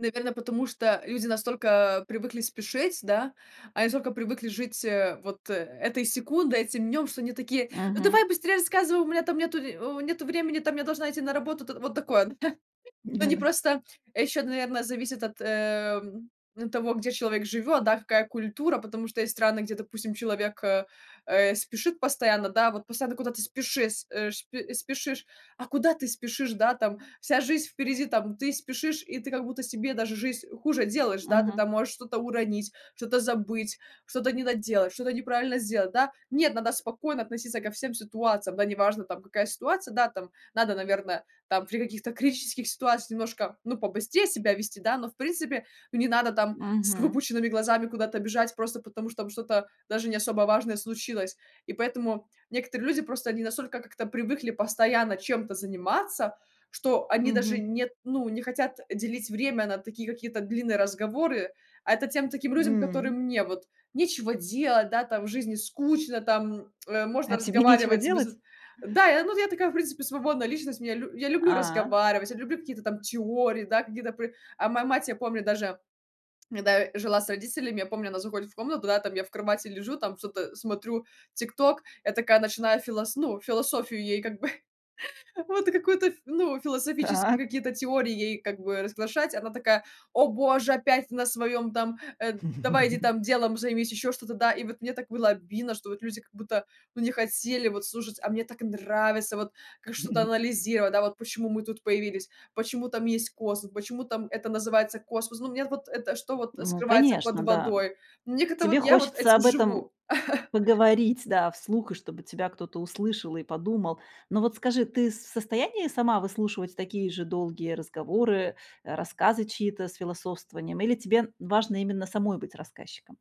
Наверно, потому что люди настолько привыкли спешить, да, они настолько привыкли жить, э, вот э этой секундой, этим днём, что они такие: "Ну, Мгм. давай быстрее рассказывай, у меня там нету в нету времени, там я должна идти на работу". Там вот такое Они Да-да. просто ещё, наверно, зависит от, эм, того, где человек живёт, да, какая культура. Потому что есть страны, где, допустим, человек, э э, спешит постоянно, да, вот постоянно куда-то спешис э, шп э, спешишь, а куда ты спешишь, да, там вся жизнь впереди. Там ты спешишь, и ты как будто себе даже жизнь хуже делаешь, да, ты Мгм. там можешь что-то уронить, что-то забыть, что-то не доделать, что-то неправильно сделать, да? Нет, надо спокойно относиться ко всем ситуациям, да, неважно, там какая ситуация, да. Там надо, наверно, там при каких-то критических ситуациях немножко, ну, побыстрее себя вести, да, но в принципе, ну, не надо там с Мгм. выпученными глазами куда-то бежать, просто потому что там что-то даже не особо важное случилось. И поэтому некоторые люди, просто они настолько как-то привыкли постоянно чем-то заниматься, что они даже Мгм. нет, ну, не хотят делить время на такие какие-то длинные разговоры, а это тем, таким людям, которым М. мне вот нечего делать, да, там, в жизни скучно, там, э, А можно тебе нечего разговаривать без делать? да. Я, ну, я такая в принципе свободная личность, мне лю я люблю А. разговаривать, я люблю какие-то там теории, да, какие-то пры а моя мать, я помню даже, когда я жила с родителями, я помню, она заходит в комнату, да, я там в кровати лежу, там что-то, смотрю "Тикток", я такая начинаю филос ну, философию, ей как бы, вот какую-то ф ну, философские Так. какие-то теории ей как бы разглашать, она такая: "О боже, опять на своём там, э, давай иди там делом займись". Ещё что-то, да, и вот мне так было обидно, что вот люди как будто, ну, не хотели вот слушать, а мне так нравится вот ка что-то анализировать, да, вот почему мы тут появились, почему там есть космос, почему там это называется космос, ну, мне вот это, что вот Ну, скрывается под конечно, да. водой- мне как-то вот Тебе я вот хочется этим об этом живу. поговорить, да, вслух, и чтобы тебя кто-то услышал и подумал. Ну, вот скажи, ты с в состоянии сама выслушивать такие же долгие разговоры, э, рассказы чьи-то с философствованием, или тебе важно именно самой быть рассказчиком?